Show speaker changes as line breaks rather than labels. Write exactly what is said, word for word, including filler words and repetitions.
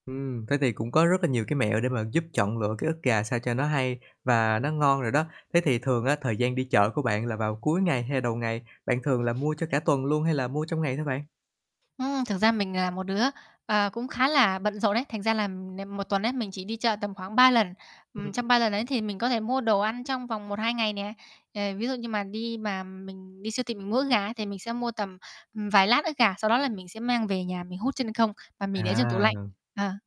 Ừm, thế thì cũng có rất là nhiều cái mẹo để mà giúp chọn lựa cái ức gà sao cho nó hay và nó ngon rồi đó. Thế thì thường á, thời gian đi chợ của bạn là vào cuối ngày hay đầu ngày, bạn thường là mua cho cả tuần luôn hay là mua trong ngày thôi bạn?
Ừm, thực ra mình là một đứa, ờ, cũng khá là bận rộn ấy, thành ra là n một tuần ấy, mình chỉ đi chợ tầm khoảng ba lần. Ừm, trong ba
Ừm.
lần ấy, thì mình có thể mua đồ ăn trong vòng một hai ngày nè. Ờ, ví dụ như mà đi mà mình đi siêu thị mình mua ức gà ấy thì mình sẽ mua tầm, ừm, vài lát ức gà, sau đó là mình sẽ mang về nhà mình hút chân không và mình để trong tủ
À,
lạnh.
rồi.
Ờ.